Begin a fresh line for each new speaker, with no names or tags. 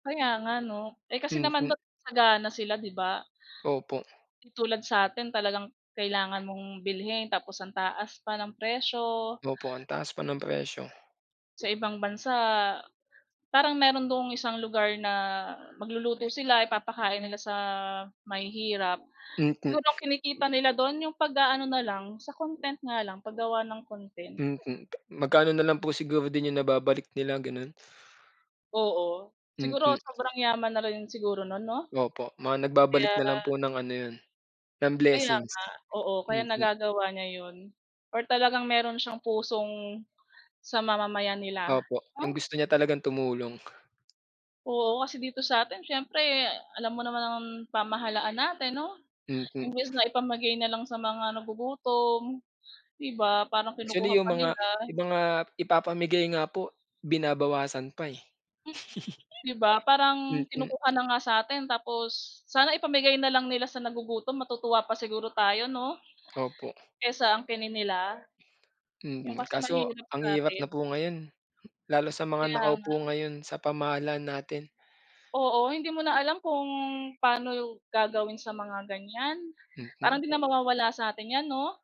Kaya nga, 'no? Eh, kasi naman
Mhm.
ba't sagana sila, di ba?
Opo.
Di tulad sa'tin talagang kailangan mong bilhin tapos ang taas pa ng presyo.
Opo, ang taas pa ng presyo.
Sa ibang bansa, parang meron dun isang lugar na magluluto sila, ipapakain nila sa mahihirap,
Mm.
siguro kinikita nila dun yung pag-aano nalang, sa content nga lang, paggawa ng content.
Mm, pa magkano nalang po siguro din yung nababalik nila gano'n.
Oo. Siguro
Mm.
sobrang yaman na rin siguro nun, 'no?
Opo, mga nagbabalik nalang po
Kaya
ng ano yun, ng
Kaya
blessings.
nga. Oo, kaya
Mm.
nagagawa niya 'yon or talagang meron siyang pusong sa mamamayan nila,
Opo, yung
oh.
gusto niya talagang tumulong.
Oo, kasi dito sa'tin siyempre alam mo naman ang pamahalaan natin, 'no?
Mm.
Imbes na ipamigay nalang sa mga nagugutom, di ba, parang
Actually,
kinukuha
yung
pa
mga
nila.
yung mga ipapamigay nga po, binabawasan pa eh.
Mm. 'Di ba, parang
Mm.
kinukuha na nga sa atin tapos, sana ipamigay nalang nila sa nagugutom, matutuwa pa siguro tayo, 'no,
Opo.
kaysa angkinin nila. Yun
Mm,
kasi
kaso
mahirap
ang hirap
sa'tin.
na po ngayon. Lalo sa mga
Kaya
nakaupo
nga.
ngayon sa pamahalaan natin.
Oo, hindi mo na alam kung paano yung gagawin sa mga ganiyan,
Mm.
parang 'di na
Bai
mawawala sa atin 'yan, 'no?